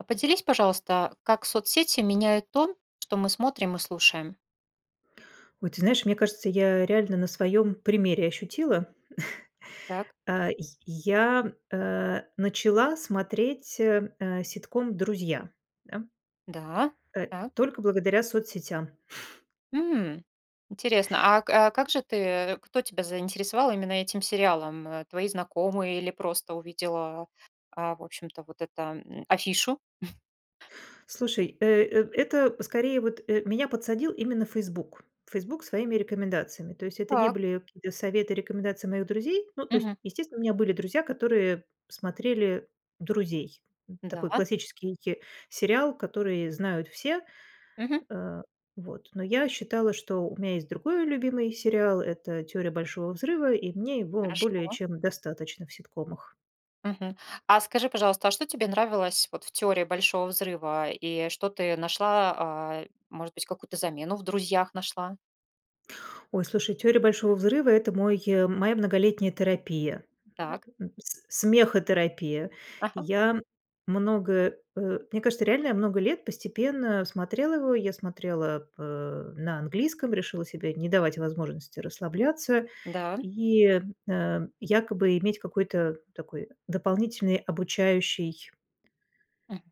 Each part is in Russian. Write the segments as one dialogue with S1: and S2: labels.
S1: А, поделись, пожалуйста, как соцсети меняют то, что мы смотрим и слушаем?
S2: Ой, ты знаешь, мне кажется, я реально на своём примере ощутила.
S1: Так.
S2: Э, й я, э. Начала смотреть, э, э, ситком "Друзья", да.
S1: Да,
S2: Э,
S1: так.
S2: только благодаря соцсетям.
S1: М, интересно. А а, как же ты кто тебя заинтересовал именно этим сериалом? Э, твои знакомые или просто увидела, а, в общем-то, вот это, м, афишу?
S2: Слушай, э, э это скорее вот, э, меня подсадил именно Facebook Facebook своими рекомендациями, то есть это не
S1: Так.
S2: были какие-то советы и рекомендации моих друзей. Ну, то есть,
S1: Мгм.
S2: естественно, у меня были друзья, которые смотрели "Друзей". Н такой
S1: Да.
S2: классический, э, сериал, который знают все.
S1: Мгм.
S2: Э, вот, но я считала, что у меня есть другой любимый сериал- это "Теория Большого взрыва", и мне его более
S1: Хорошо.
S2: чем достаточно в ситкомах.
S1: Мгм. А скажи, пожалуйста, а что тебе нравилось вот в "Теории Большого взрыва" и что ты нашла? А, может быть, какую-то замену в "Друзьях" нашла?
S2: Ой, слушай, "Теория Большого взрыва"- это мой моя многолетняя терапия,
S1: Так.
S2: [unintelligible] с смехотерапия.
S1: Ага.
S2: Я много, э, мне кажется, реально много лет постепенно смотрела его. Я смотрела, э, на английском, решила себе не давать возможности расслабляться
S1: Да.
S2: и, э, якобы иметь какой-то такой дополнительный обучающий
S1: Мгм.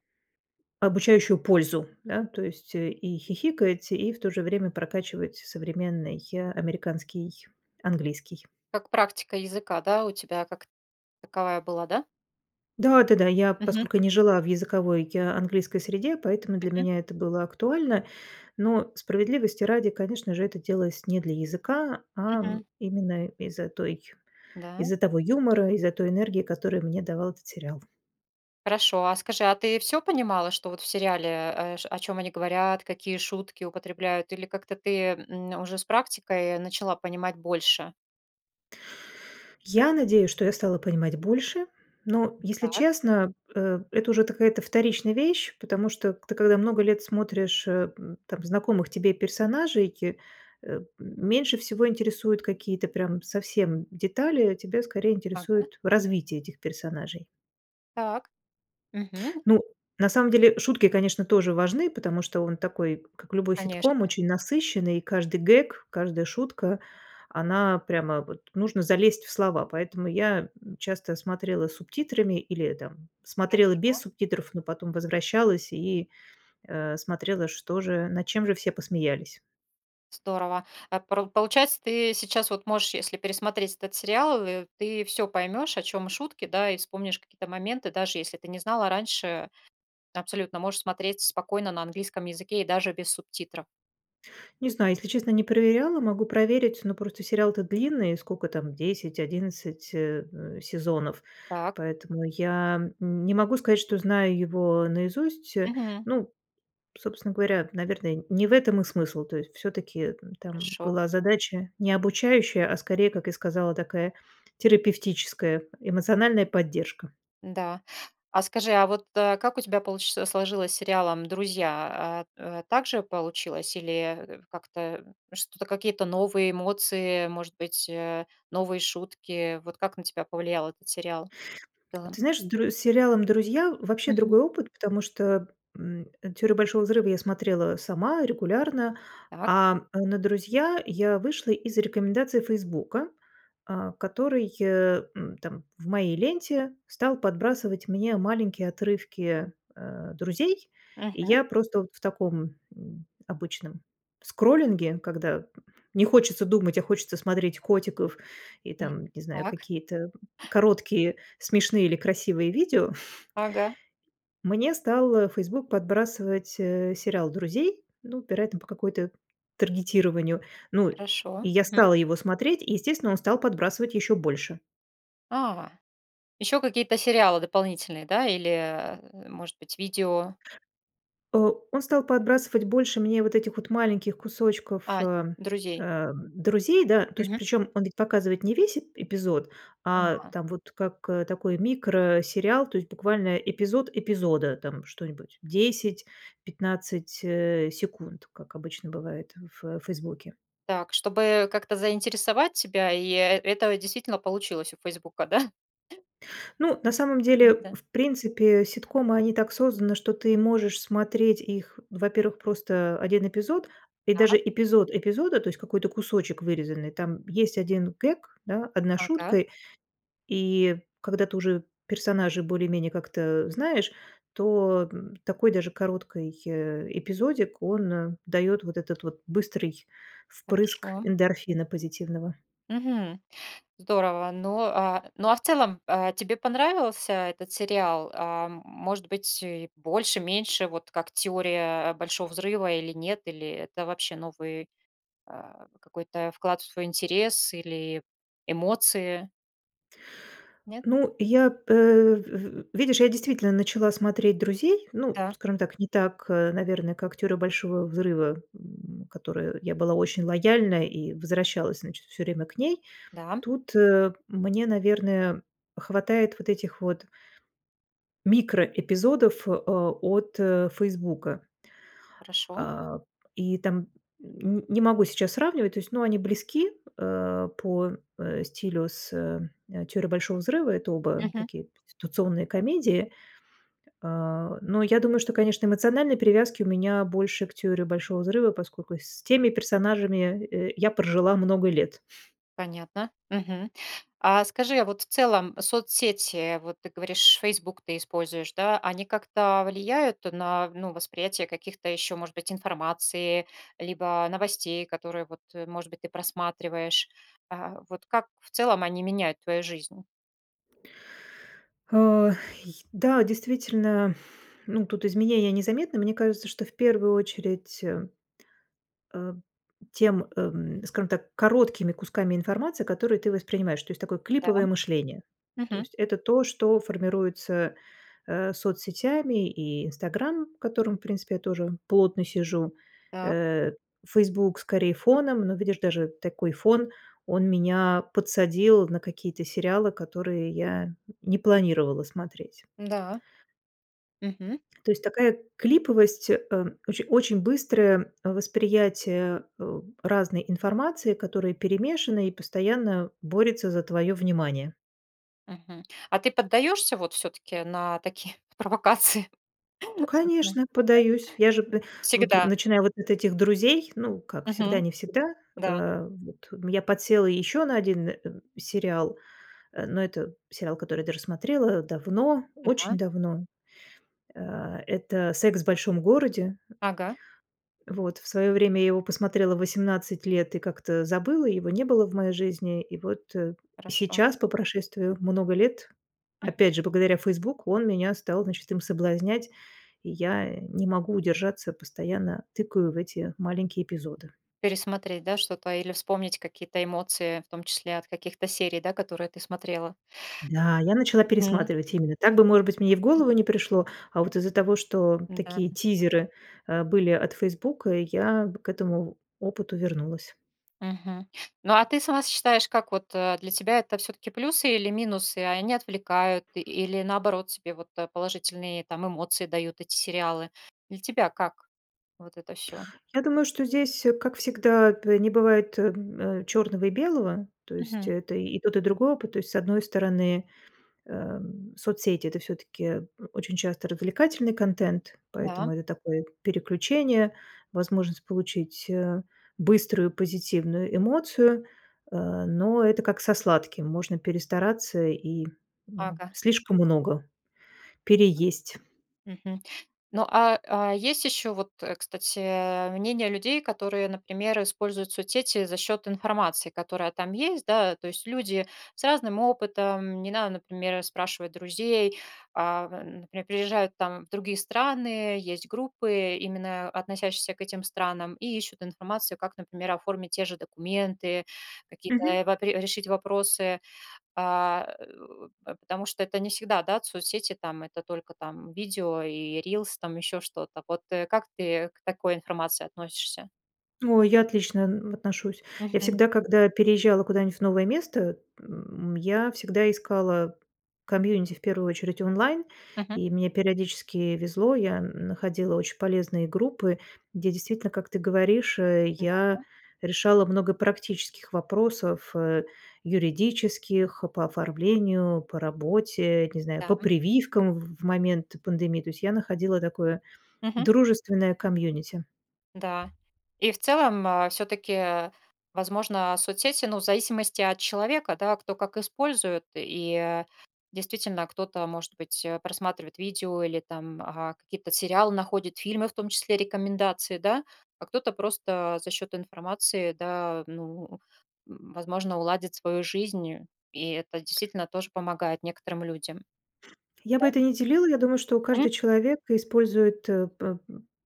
S2: Обучающую пользу. Да, то есть и хихикать, и в то же время прокачивать современный, э, американский английский.
S1: Как практика языка, да, у тебя как таковая была, да?
S2: Да-да-да. Я,
S1: Мгм.
S2: поскольку не жила в языковой я английской среде, поэтому для
S1: Мгм.
S2: меня это было актуально. Но, справедливости ради, конечно же, это делалось не для языка, ам,
S1: Мгм.
S2: именно из-за той
S1: Да.
S2: из-за того юмора, из-за той энергии, которую мне давал этот сериал.
S1: Хорошо. А скажи, а ты всё понимала, что вот в сериале, э, ш о чём они говорят, какие шутки употребляют, или как-то ты, м, уже с практикой начала понимать больше?
S2: Я надеюсь, что я стала понимать больше, но, если
S1: Так.
S2: честно, э, это уже какая-то вторичная вещь, потому что ты, когда много лет смотришь, эм, там знакомых тебе персонажей, э, меньше всего интересуют какие-то прям совсем детали, тебя скорее
S1: Ага.
S2: интересует развитие этих персонажей.
S1: Так. Мгм.
S2: Ну, на самом деле, шутки, конечно, тоже важны, потому что он такой, как любой ситком,
S1: Конечно.
S2: очень насыщенный, и каждый гэг, каждая шутка, она прямо, вот, нужно залезть в слова, поэтому я, м, часто смотрела с субтитрами или там смотрела без
S1: Хорошо.
S2: субтитров, но потом возвращалась и, э, смотрела, что же, над чем же все посмеялись.
S1: Здорово. А пор получается, ты сейчас вот можешь, если пересмотреть этот сериал, и ты всё поймёшь, о чём шутки, да, и вспомнишь какие-то моменты, даже если ты не знала раньше, абсолютно можешь смотреть спокойно на английском языке и даже без субтитров.
S2: Не знаю, если честно, не проверяла, могу проверить, но просто сериал-то длинный, сколько там 10-11, э, э, сезонов,
S1: Так.
S2: поэтому я н не могу сказать, что знаю его наизусть.
S1: Мгм.
S2: Ну, собственно говоря, наверное, не в этом и смысл, то есть всё-таки там
S1: Хорошо.
S2: была задача не обучающая, а скорее, как и сказала, такая терапевтическая эмоциональная поддержка.
S1: Н-да. А скажи, а вот, э, как у тебя получи сложилось с сериалом "Друзья"? А т так же получилось или, э, как-то, что-то, какие-то новые эмоции, может быть, э, новые шутки. Вот как на тебя повлиял этот сериал в целом?
S2: Ты знаешь, с Др с сериалом "Друзья" вообще
S1: Мгм.
S2: другой опыт, потому что, м, "Теорию Большого взрыва" я смотрела сама регулярно,
S1: Так.
S2: а на "Друзей" я вышла из рекомендации "Фейсбука", а, который, э, м, там в моей ленте стал подбрасывать мне маленькие отрывки, э, "Друзей", и
S1: Мгм.
S2: я просто в таком, м, обычном скроллинге, когда не хочется думать, а хочется смотреть котиков и
S1: М,
S2: там, не знаю,
S1: так.
S2: какие-то короткие смешные или красивые видео.
S1: Ага.
S2: Мне стал, а, Facebook подбрасывать, э, сериал "Друзей", ну, вероятно, по какой-то таргетированию. Ну, и
S1: Хорошо.
S2: я
S1: Мгм.
S2: стала его смотреть, естественно, он стал подбрасывать ещё больше.
S1: А, ещё какие-то сериалы дополнительные, да? Или, э, может быть, видео?
S2: Э, он стал подбрасывать больше мне вот этих вот маленьких кусочков,
S1: А,
S2: а,
S1: "Друзей".
S2: ам, "Друзей", да, то есть
S1: Мгм.
S2: причем он ведь показывает не весь эп эпизод, а
S1: Н-да.
S2: там вот как такой микросериал, то есть буквально эпизод эпизода, там что-нибудь 10-15, э, секунд, как обычно бывает в в "Фейсбуке".
S1: Так, чтобы как-то заинтересовать тебя, и, э это действительно получилось у "Фейсбука", да?
S2: Ну, на самом деле,
S1: М-да.
S2: в принципе, ситкомы, они так созданы, что ты можешь смотреть их, во-первых, просто 1 эпизод и даже
S1: Так.
S2: эпизод эпизода, то есть какой-то кусочек вырезанный, там есть 1 гэг, да, 1
S1: Ага.
S2: шутка, и, когда ты уже персонажа более-менее как-то знаешь, то, м, такой даже короткий, э, эпизодик, он даёт вот этот вот быстрый впрыск
S1: Хорошо.
S2: эндорфина позитивного.
S1: Мгм. Здорово. Ну, а, ну, а в целом, а, тебе понравился этот сериал? Ам, может быть, и больше, меньше, вот как "Теория Большого взрыва" или нет, или это вообще новый, э, какой-то вклад в свой интерес или эмоции? Нет?
S2: Ну, я, э, в в видишь, я действительно начала смотреть "Друзей", ну,
S1: Да.
S2: скажем так, не так, э, наверное, как "Теорию Большого взрыва", м, которой я была очень лояльная и возвращалась, значит, всё время к ней.
S1: Да.
S2: Тут, э, мне, наверное, хватает вот этих вот микроэпизодов, а, от, э, "Фейсбука".
S1: Хорошо.
S2: А, и там н не могу сейчас сравнивать, то есть, ну, они близки, э, по, э, стилю с, э, "Теорией Большого взрыва", это оба
S1: Мгм.
S2: такие конституционные комедии. Э, но я думаю, что, конечно, эмоциональной привязки у меня больше к "Теории Большого взрыва", поскольку с теми персонажами я, э, я прожила много лет.
S1: Понятно. Мгм. А скажи, а вот в целом соцсети, вот ты говоришь, "Фейсбук" ты используешь, да? Они как-то влияют на, ну, восприятие каких-то ещё, может быть, информации либо новостей, которые, вот, может быть, ты просматриваешь? А, вот как в целом они меняют твою жизнь?
S2: Ох, и да, действительно, ну, тут изменения незаметны. Мне кажется, что в первую очередь, э, а, тем эм, скажем так, короткими кусками информации, которые ты воспринимаешь, то есть такое
S1: Да,
S2: клиповое мышление. То
S1: мгм.
S2: есть это то, что формируется, э, соцсетями и "Инстаграм", в котором, принципе, тоже плотно сижу,
S1: Так.
S2: э, "Фейсбук" скорее фоном, но, видишь, даже такой фон, он меня подсадил на какие-то сериалы, которые я не планировала смотреть.
S1: М-да. Мгм.
S2: То есть такая клиповость, э, оче очень быстрое восприятие, э, разной информации, которая перемешана и постоянно борется за твоё внимание.
S1: Мгм, а ты поддаёшься вот всё-таки на такие провокации в соцсетях?
S2: Конечно, подаюсь. Я же б вот,
S1: Всегда.
S2: начиная вот от этих друзей, ну, как
S1: Мгм,
S2: всегда- не всегда,
S1: да.
S2: а вот я подсела еще на один, э, сериал, э но это сериал, который я даже смотрела давно,
S1: Ага.
S2: очень давно. А, это "Секс в большом городе".
S1: Ага.
S2: Вот в своё время я его посмотрела в 18 лет и как-то забыла, его не было в моей жизни. И вот
S1: Хорошо.
S2: сейчас, по прошествию много лет,
S1: Мгм.
S2: опять же благодаря "Фейсбук", он меня стал, значит, им соблазнять, и я не могу удержаться, постоянно тыкаю в эти маленькие эпизоды.
S1: Пересмотреть, да, что-то или вспомнить какие-то эмоции, в том числе от каких-то серий, да, которые ты смотрела?
S2: Да, я начала
S1: Мгм.
S2: пересматривать, именно так бы, может быть, мне и в голову не пришло. А вот из-за того, что
S1: Да.
S2: такие тизеры, э, были от "Фейсбука", я в к этому опыту вернулась.
S1: Мгм. Ну, а ты сама считаешь, как вот, э, для тебя это всё-таки плюсы или минусы, а они отвлекают или, наоборот, тебе вот положительные там эмоции дают эти сериалы? Для тебя как вот это всё?
S2: Я думаю, что здесь, как всегда, б не бывает, э, черного и белого, то есть
S1: Мгм.
S2: это и тот, и другой опыт. То есть, с одной стороны, эм, соцсети- это всё-таки очень часто развлекательный контент, поэтому
S1: Да.
S2: это такое переключение, возможность получить, э, быструю позитивную эмоцию, э, но это, как со сладким, можно перестараться и, м,
S1: Ага.
S2: слишком много переесть.
S1: Мгм. Ну, а а есть ещё вот, кстати, мнение людей, которые, например, используют соцсети за счёт информации, которая там есть. Да, то есть, люди с разным опытом, не надо, например, спрашивать друзей, а, например, приезжают там в другие страны, есть группы, именно относящиеся к этим странам, и ищут информацию, как, например, оформить те же документы, какие-то,
S2: Мгм.
S1: э, вапре решить вопросы. А, э, п потому что это не всегда, да, соцсети, там, это только, там, видео и рилс, там, ещё что-то. Вот как ты к такой информации относишься?
S2: Ой, я отлично н отношусь. Я
S1: Мгм.
S2: всегда, когда переезжала куда-нибудь в новое место, м, я всегда искала комьюнити, в первую очередь онлайн,
S1: Мгм.
S2: и мне периодически везло. Я находила очень полезные группы, где действительно, как ты говоришь, э, я
S1: Да.
S2: решала много практических вопросов, э, юридических, по оформлению, по работе, не знаю,
S1: Да.
S2: по прививкам в момент пандемии. То есть я находила такое
S1: Мгм.
S2: дружественное комьюнити.
S1: Да. И в целом, э, всё-таки, возможно, соцсети ну, в зависимости от человека, да, кто как использует. И действительно, кто-то, может быть, э, просматривает видео или, а, там какие-то сериалы находит, фильмы, в том числе рекомендации, да, а кто-то просто за счёт информации, да, ну, м, возможно, уладит свою жизнью. И это действительно тоже помогает некоторым людям.
S2: Я бы
S1: Да?
S2: это не делила. Я думаю, что
S1: М.
S2: каждый человек использует, э, п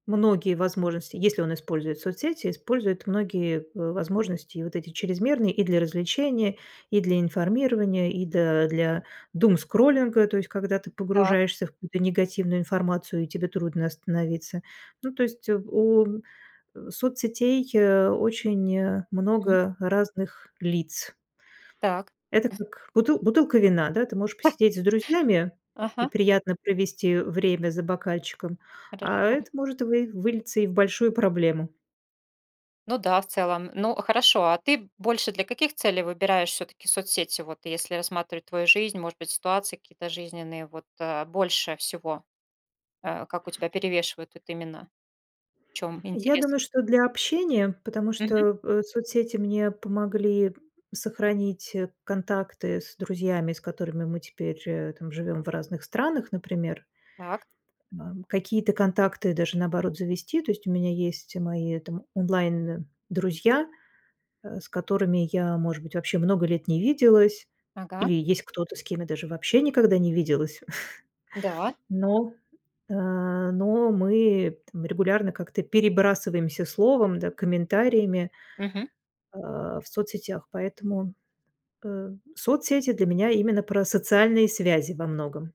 S2: многие возможности если он использует соцсети, использует многие в возможности и вот эти чрезмерные: и для развлечения, и для информирования, и, да, для думскроллинга. То есть когда ты
S1: Так.
S2: погружаешься в какую-то негативную информацию и тебе трудно остановиться. Ну, то есть, э, в у соцсетей, э, очень
S1: Мгм.
S2: много разных лиц.
S1: Так.
S2: Это как бутыл бутылка вина, да. Ты можешь посидеть с друзьями и
S1: Ага.
S2: приятно провести время за бокальчиком, а
S1: Хорошо.
S2: это может вы вылиться и в большую проблему.
S1: Ну да, в целом. Ну, хорошо. А ты больше для каких целей выбираешь всё-таки соцсети? Вот, если рассматривать твою жизнь, может быть, ситуации какие-то жизненные, вот, э, больше всего, э, как у тебя перевешивают тут именно? В чём
S2: Я
S1: интерес?
S2: думаю, что для общения, потому
S1: Мгм.
S2: что, э, соцсети мне помогли сохранить контакты с друзьями, с которыми мы теперь, э, там, живём в разных странах, например.
S1: Так.
S2: Бам. Какие-то контакты даже, наоборот, завести. То есть у меня есть мои там онлайн-друзья, э, с которыми я, может быть, вообще много лет не виделась.
S1: Ага.
S2: Или есть кто-то, с кем я даже вообще никогда не виделась.
S1: Да.
S2: Но, а но мы там регулярно, как ты, перебрасываемся словом, да, комментариями
S1: Мгм.
S2: а, в соцсетях. Поэтому, э, соцсети для меня именно про социальные связи во многом.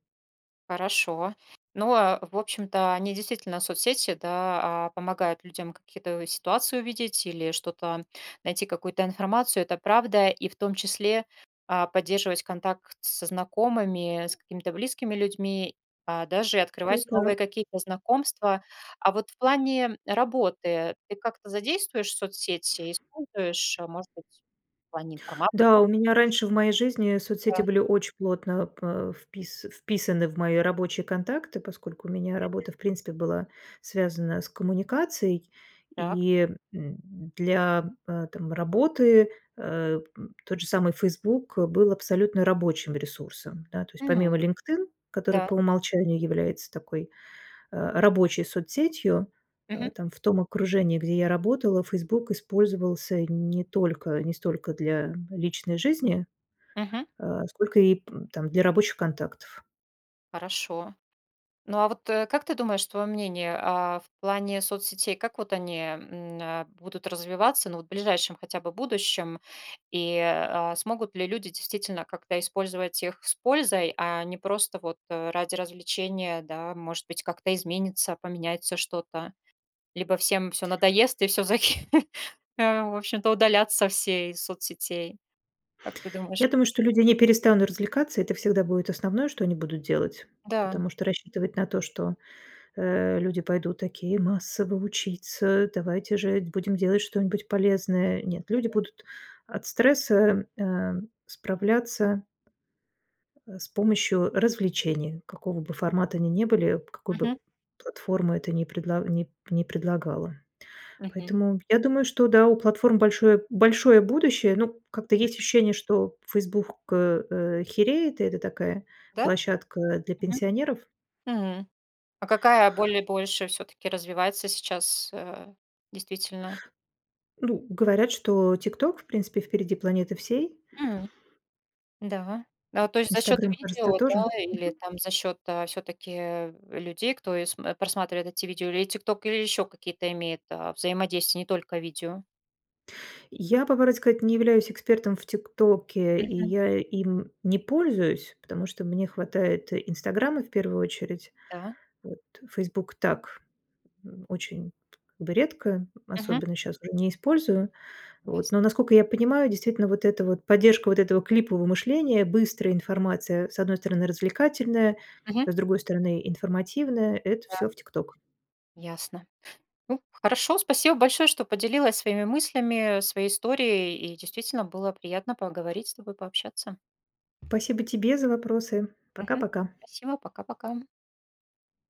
S1: Хорошо. Ну, а в общем-то, они действительно соцсети, да, а, помогают людям какие-то ситуации увидеть или что-то найти, какую-то информацию. Это правда. И в том числе, а, поддерживать контакт со знакомыми, с какими-то близкими людьми, а, даже и
S2: Всё
S1: открывать новые
S2: так.
S1: какие-то знакомства. А вот в плане работы ты как-то задействуешь соцсети, используешь, может быть, в плане информации?
S2: Да, у меня
S1: Даже.
S2: раньше в моей жизни соцсети
S1: Да.
S2: были очень плотно, п впис вписаны в мои рабочие контакты, поскольку у меня
S1: Мгм.
S2: работа, в принципе, была связана с коммуникацией.
S1: Так.
S2: И, м, для, э, там работы, э, м, тот же самый "Фейсбук" был абсолютно рабочим ресурсом. Да, то есть,
S1: М,
S2: помимо "Линкдин", который
S1: да.
S2: по умолчанию является такой, э, рабочей соцсетью, э,
S1: Мгм.
S2: там в том окружении, где я работала, "Фейсбук" использовался не только не столько для личной жизни,
S1: Мгм.
S2: а, сколько, ип там для рабочих контактов.
S1: Хорошо. Ну, а вот, э, как ты думаешь, твоё мнение, а в плане соцсетей, как вот они, м, э, будут развиваться, ну, вот в ближайшем хотя бы будущем? И, а, смогут ли люди действительно как-то использовать их с пользой, а не просто, вот, ради развлечения, да, может быть, как-то изменится, поменяется что-то, либо всем всё надоест и всё, за кхе э, в общем-то, удалятся все из соцсетей, как ты думаешь?
S2: Я думаю, что люди не перестанут развлекаться. Это всегда будет основное, что они будут делать.
S1: Да.
S2: Потому что рассчитывать на то, что, э, люди пойдут, такие, массово учиться: "Давайте же будем делать что-нибудь полезное". Нет. Люди
S1: Мгм.
S2: будут от стресса, эм, справляться э, с помощью развлечений, какого бы формата они ни были, какую бы
S1: Мгм.
S2: платформа это ни предла ни ни предлагала.
S1: Мгм.
S2: Поэтому, я думаю, что да, у платформ большое большое будущее, ну, как-то есть
S1: Мгм.
S2: ощущение, что Facebook э, э, хереет, и это такая
S1: Да?
S2: площадка для
S1: Мгм.
S2: пенсионеров.
S1: Хм. А какая боль больше всё-таки развивается сейчас, э, действительно?
S2: Ну, говорят, что "ТикТок", в принципе, впереди планеты всей.
S1: М, да. А, то есть за счёт
S2: "Инстаграм", кажется,
S1: видео, да,
S2: тоже.
S1: или
S2: Мгм.
S1: там за счёт, а, всё-таки людей, кто ис э, просматривает эти видео, или "ТикТок", или ещё какие-то имеет, а, взаимодействия, не только видео?
S2: Я, по правде сказать, не являюсь экспертом в "ТикТоке", и
S1: Мгм.
S2: я им не пользуюсь, потому что мне хватает "Инстаграма" в первую очередь.
S1: Да.
S2: Вот "Фейсбук"- так, м, очень как бы редко,
S1: Мгм.
S2: особенно щас уже не использую,
S1: Ясно.
S2: вот. Но, насколько я понимаю, действительно вот эта вот поддержка вот этого клипового мышления, быстрая информация, с одной стороны, развлекательная,
S1: Мгм.
S2: с другой стороны, информативная- это
S1: Да.
S2: всё в "ТикТок".
S1: Ясно. Ну, хорошо, спасибо большое, что поделилась своими мыслями, своей историей, и действительно было приятно поговорить с тобой, пообщаться.
S2: Спасибо тебе за вопросы.
S1: Мгм.
S2: Пока-пока.
S1: Спасибо. Пока-пока.